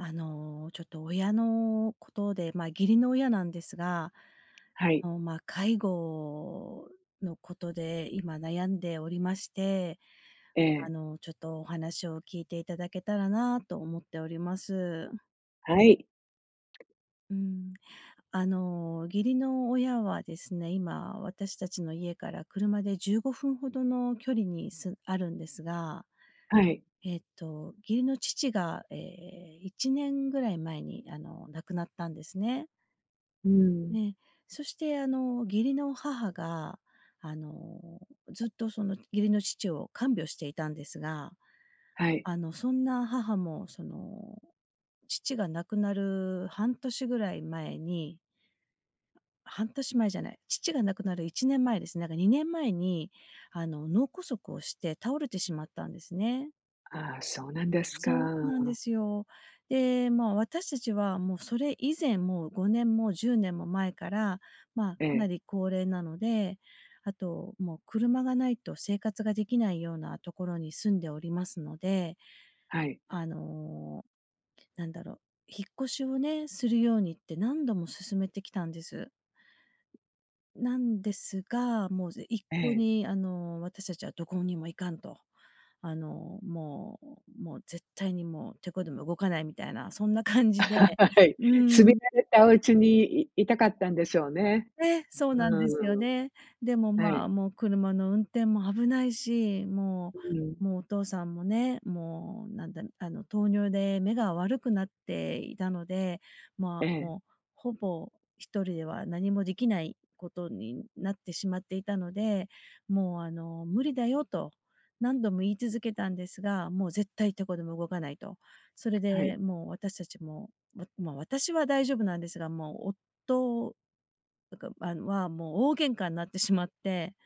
あの、ちょっと親のことで、まあ、義理の親なんですが、はい。の、まあ、介護のことで今悩んでおりまして、えあえ。の、ちょっとお話を聞いていただけたらなと思っております。はい。うん。あの、義理の親はですね、今私たちの家から車で15分ほどの距離に、すあるんですが、はい。えっと、義理の父が、ええ、1年ぐらい前にあの、亡くなったんですね。うん。ええ、そしてあの、義理の母があの、ずっとその義理の父を看病していたんですが、はい。あのそんな母もその、父が亡くなる半年ぐらい前に、半年前じゃない、父が亡くなる1年前ですね。なんか2年前にあの脳梗塞をして倒れてしまったんですね。ああ、そうなんですか。そうなんですよ。で、まあ、私たちはもうそれ以前も5年も10年も前から、まあ、えかなえ。り高齢なので、あと、もう車がないと生活ができないようなところに住んでおりますので、はい。あの、なんだろう、引っ越しをね、するようにって何度も勧めてきたんです。なんですが、もう、ぜ一え向え。にあの私たちはどこにも行かんと、あのもうもう絶対にもう梃子でも動かないみたいな、そんな感じで はい、う住みん。慣れたおうちに、いいたかったんでしょうね。え、そううなんでーすよん。ね。でもはまい。あ、もう車の運転も危ないし、もううん。もうお父さんもね、もうなんだ、あの糖尿で目が悪くなっていたので、まえあ、え。もう、ほぼ1人では何もできないことになってしまっていたので、もうあの、無理だよと、何度も言い続けたんですが、もう絶対梃子でも動かないと。それはい。でもう私たちも、ね。まあ、私は大丈夫なんですが、もう夫だから、まあ、はもう大喧嘩になってしまって。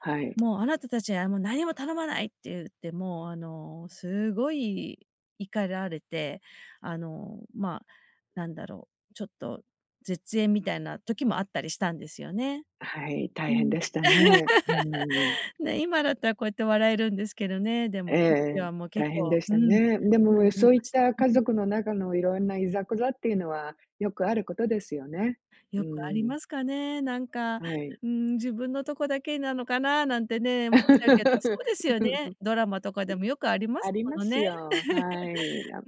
はい。「もう、あなたたちにはもう何も頼まない」って言って、もうあの、すごい怒られて、あの、まあ、なんだろう、ちょっと絶縁みたいな時もあったりしたんですよね。はい。う大変ん。でしたね。うん。ね、今だったらこうやって笑えるんですけどね、でもえ [unintelligible] 時え、はもう結大変構、でしうたん。ね。でそう、も思いそういっました。た家うん。族の中の色んないざこざっていうのはよくあることですよね。うよくありん。ますかね、なんか、はい。うん。自分のとこだけなのかななんてね、思っちゃうけど、そうですよね。ドラマとかでもよくありまあすりもまのすね。よ、はい。いや、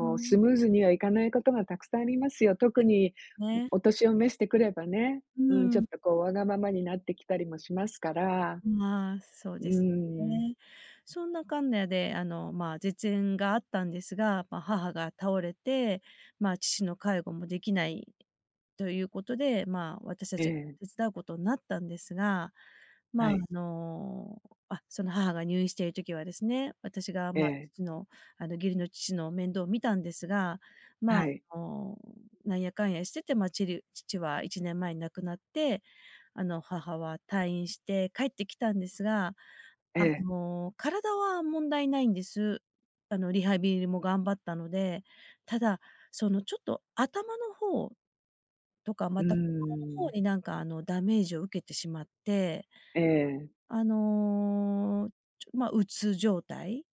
ううん。うースん。ムーズにはいかないことがたくさんありますよ。特でに、すね。お年を召してくればね、ううん、ちょっん。とこうわがままになってきたりもしますから。まあ、そううですよーん。ね。そんなかんなであの、まあ、絶縁があったんですが、ま、母が倒れて、まあ、父の介護もできないということで、まあ、私たえちがえ。手伝うことんなったんですが。はまあ、あい。の、あ、その母が入院している時はですね、私がえまあ、え。父のあの義理の父の面倒を見たんですが、まはあ、い。あの、なんやかんやしててまあ、ちる父は1年前に亡くなって、あの、母は退院して帰ってきたんですが、えあえ。の、体は問題ないんです。あの、リハビリも頑張ったので。ただそのちょっと頭の方とか、うまーた心の方ん。になんかあのダメージを受けてしまってええ。あの、ちょま、鬱状態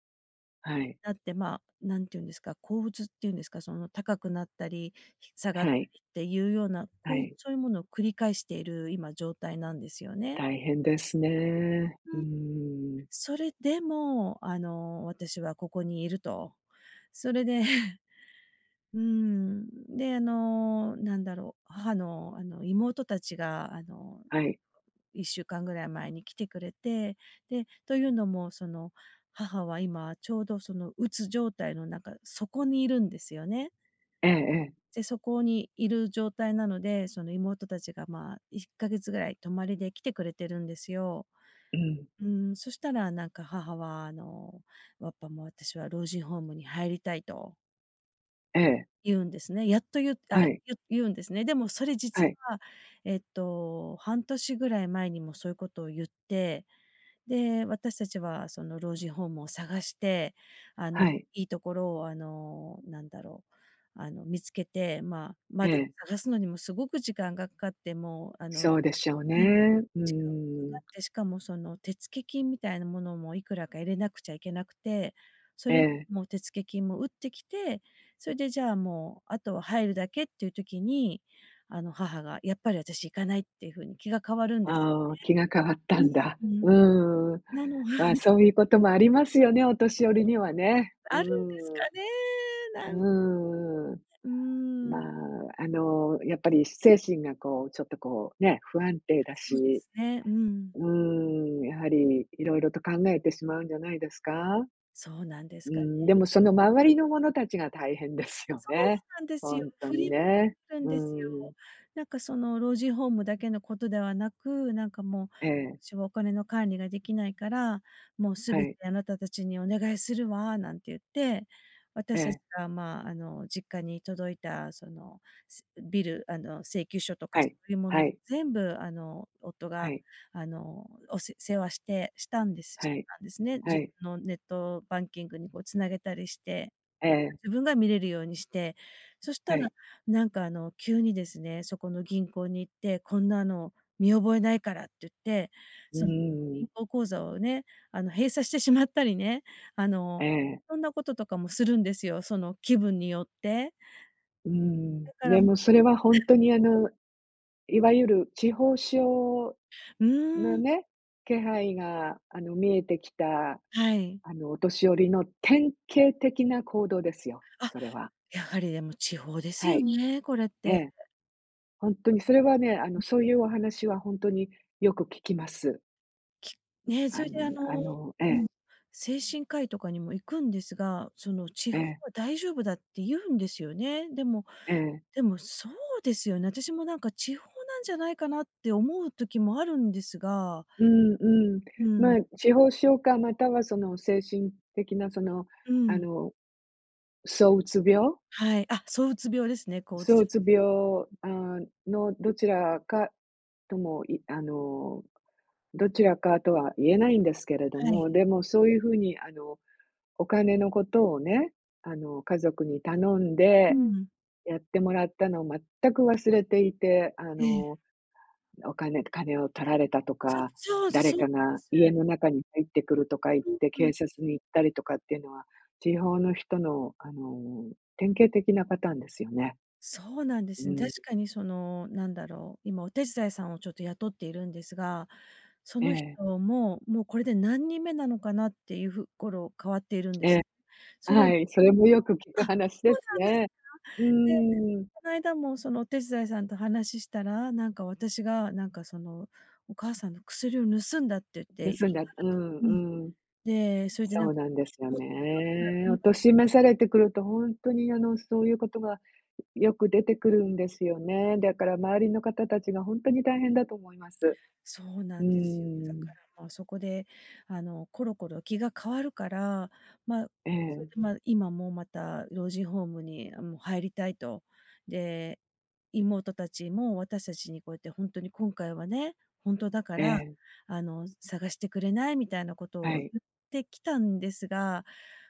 はい。だって、まあ、なんて言うんですか、抗うつっていうんですか、その高くなったり下がっはい。りっていうような、はこう、い。そういうものを繰り返している今状態なんですよね。大変ですね。うーうん。ん。それでも、あの、私はここにいると。それで、うん、で、あの、なんだろう、母の、あの、妹たちが、あの、はい。1週間ですよね。ぐらい前に来てくれて、で、というのもその、母は今ちょうど、その、鬱状態の中、底にいるんですよね。ええええ。で、底にいる状態なので、その妹たちがまあ、1か月ぐらい泊まりで来てくれてるんですよ。うん。うん、そしたらなんか母はあの、やっぱ、「も、私は老人ホームに入りたい」とええ。言うんですね。やっと言うあ、はい。言う言うんですね。でもそれは実い。は、ええっと、半年ぐらい前にもそういうことを言って、で、私たちはその老人ホームを探して、あの、はい。いいところを、あの、なんだろう、あの、見つけて、まあ、えま、でもえ。探すのにもすごく時間がかかって、もう、あのそうでしょうね、うん。う時間かーかん。って、しかもその手付金みたいなものもいくらか入れなくちゃいけなくて、そえれ、え。もう、手付金も打ってきて、それでじゃあ、もう、後は入るだけっていう時に、あの母がやっぱり私行かないっていうふうに気が変わるんですああ、気が変わったよね。んだ。うん、ふん。うーん。なのはまあ、い。そういうこともありますよね、お年寄りにはね。うあるんですーん。かね、なんうーん。うーん。まあ、あの、やっぱり精神がこう、ちょっとこう、ね、不安定だそうでし、すね。うん。うーん、やはり色々と考えてしまうんじゃないですか。そうなんですうーかね。ん、でもその周りの者たちが大変ですよそうね。なんですほよ。んと振にりまわね。されるんうですーよ。ん。なんかその老人ホームだけのことではなく、なんかもう、ええ。「しは、はお金の管理ができないから、もう全はてい。あなたたちにお願いするわ」なんて言って、え私たちえ。がまあ、あの、実家に届いたその、ビルあの、請求書とはかそい。ういうもはのい。全部あの、夫はがい。あの、お世世話してしたんですはしてい。たんですね、は自い。のネットバンキングにこう繋げたりして。ええ。自分が見れるようにして。そしはたらい。なんか、あの、急にですね、そこの銀行に行って、「こんなの見覚えないから」って言って、うーそのん。銀行口座をね、あの閉鎖してしまったりね、あえの、え。そんなこととかもするんですよ。その気分によって。うーん。だから、でもうもそれはほえんえ。とに、あの、いわゆる痴呆症うーのん。ね、気配が、あの、見えてきた、はい。あの、お年寄りの典型的な行動ですよ、あ、それは。やはりでも痴呆ですはよい。ね、これっえて。え。ほんとにそれはね、あうのん。そうう。いうお話はほんとによく聞きます。きね、あそれのでああののえうえ。ん、精神科医とかにも行くんですが、その痴え呆はえ。大丈夫だって言うんですよね。でもええ。でもそうですよね。私もなんか痴呆なんじゃないかなって思う時もあるんですがうんうん。うまん。あ、痴呆症かまたはその精神的なその、うあん。の、躁うつ病。はい、あ、躁うつ病ですね、こううつ躁じうつゃ病、ん。あ、のどちらかとも、いあの、どちらかとは言えないんですけれどはい。も、でもそういう風にあのお金のことをね、あの、家族に頼んうでん。やってもらったの全く忘れていて、あええ。の、なお金金を取られたとそう、か、そうで誰そうかなんでが家す。の中に入ってくるとか言っふんて、ふん。警察に行ったりとかってのは、痴呆の人のあの、典型的なパターンですよね。そうなんでうす。ー確ん。かにその何だろう、今お手伝いさんをちょっと雇っているんですが、そえの人え。も、もうこれで何人目なのかなっていうふ頃、変わっているんです。え、あ、それ。うはい、それもよく聞あ、くそ話でうすなんです。ね。う [unintelligible] で、ーん。こないだもそのお手伝いさんと話ししたら、なんか私がなんかその、お母さんの薬を盗んだって言って言い盗んだ張るうと。うん。んうん。で、それでなそんうなんですよもっ [unintelligible] なね。言おい訳年召されてくるとほんとにあの、そういうことがよく出てくるんですよね。だから周りの方たちがほんとに大変だと思います。そうなうんですよ。だーかん。ら、ま、そこであの、コロコロ気が変わるから、ま、えそれえ。で、ま、今もまた老人ホームに、あ、もう入りたいと。で、妹たちも私たちにこうやって「ほんとに今回はね、ほんとだかえら、え。あの、探してくれない？」みたいなことはを言い。ってきたんですが、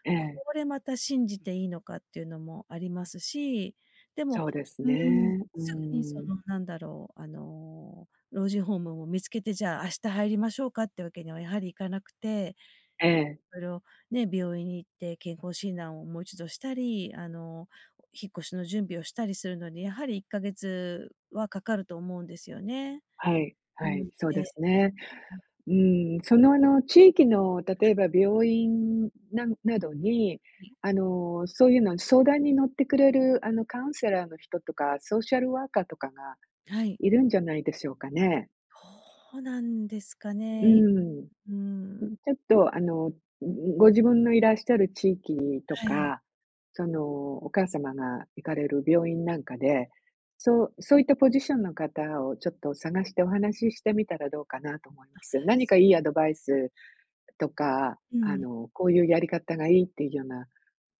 えこえ。れまた信じていいのかっていうのもありますし、でもそうですうーん、ね、うすぐにそん。の何だろう、あの、老人ホームを見つけて、じゃあ明日入りましょうかってわけには、やはりいかなくて、ええ。それを、ね、病院に行って健康診断をもう一度したり、あの、お引っ越しの準備をしたりするのに、やはり1か月はかかると思うんですよね。はい、はうい、ん、そうえ、でうすね。うん。うん、そのあの、地域の例はい。えば病院ななどに、はい。あの、そういうの相談に乗ってくれるあのカウンセラーの人とか、ソーシャルワーカーとかがはい。いるんじゃないでしょうかね。ほうなんですかうね。いん。うーうん。ん、ちょっとあの、んんご自分のいらっしゃる地域にとはい。か、そのお母様が行かれる病院なんかはで、い。そうそういったポジションの方をちょっと探してお話ししてみたらどうかなと思いあ、ます。何そかいう。いアドバイスとか、うあん。の、こういうやり方がいいってよな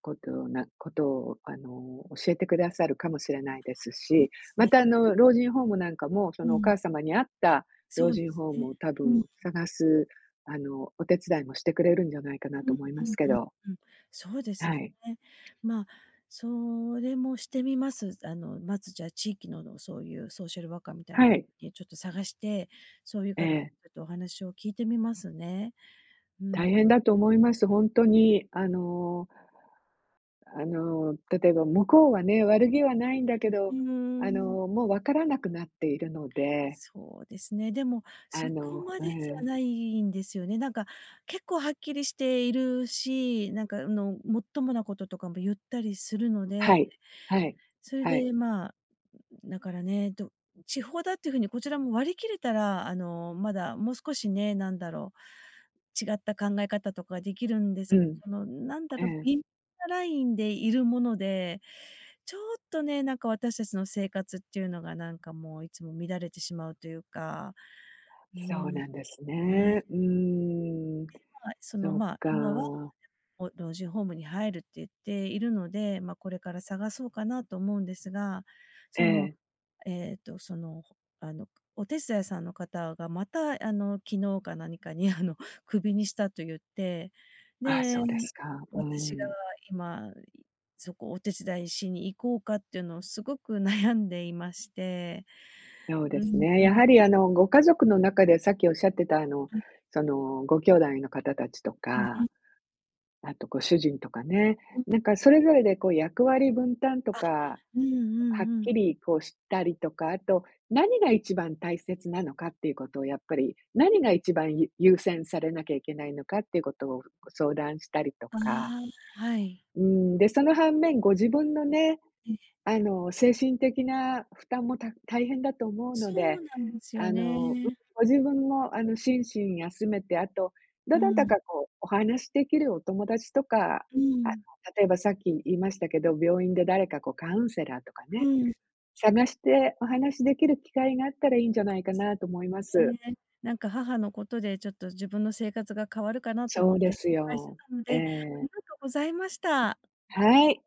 ことなことをあの教えてくださるかもしれないですあ、そうし、ですまね。たあの老人ホームなんかも、そうのおん。母様に合ったそ老うで人すホームね。を多うんう分ん。探すあの、お手伝いもしてくれるんじゃないかなうとん思いうまんすけうんど。うん。そうですはね。い。ま、それもしてみます。あのまず、じゃあ地域ののそういうソーシャルワーカーみたいな、はい。え、ちょっと探して、そういうえ方え。とお話を聞いてみますね。うん。大変だと思います。ほんとにあのあの、例えば向こうはね、悪気はないんだけうど、ーあん。の、もう分からなくなっているのでそうですね。でも、そあこのまうでじゃん。ないんですよね。なんか結構はっきりしているし、なんかあの、もっともなこととかも言ったりするのはでい、はい、それはい。でまあ、だからね、ど痴呆だっていう風にこちらも割り切れたら、あの、まだもう少しね、なんだろう、違った考え方とかできるんでうすが、ん。そのなんだえろ、え。微なラインでいるもので、ちょっとね、なんか私たちの生活っていうのがなんかもういつも乱れてしまうというか、うそうん。なんですね。ね。うーん、で、まあ、そのそっまあ、今は、か。こう老人ホームに入るって言っているので、ま、これから探そうかなと思うんですが、えその、え。えっとその、ほあの、お手伝いさんの方がまたあの昨日か何かにあのクビにしたと言って、あ、で、そうですか。う私がん。今、いそこお手伝いしに行こうかっていうのをすごく悩んでいまして、そううですんね、うん。やはりあのご家族の中でさっきおっしゃってたあの、はい。そのご兄弟の方たちと うんうか、ん。あとご主人とかね、うん。なんかそれぞれでこう役割分担とあ、か、うんうはっんうん。きりこうしたりとか、あと、何が一番大切なのかっていうことをやっぱり何が一番ゆ優先されなきゃいけないのかっていうことをこう相談したりとあか。あ、はい。うん、で、その反面、ご自分のね、ええ。あの、精神的な負担もた大変だと思うのそで、うなんですよあのうん、ね。ご自分もあの、心身休めて、あと、どうなたかん。こうお話しできるお友達とか、うあのん。例えばさっき言いましたけど、病院で誰かこうカウンセラーとかうね、ん。探してお話できる機会があったらいいんじゃないかなと思いまそうす。ですね。なんか母のことでちょっと自分の生活が変わるかなとそ思うっでてす心配してよ、たのえで、あえ。りがとうございました。はい。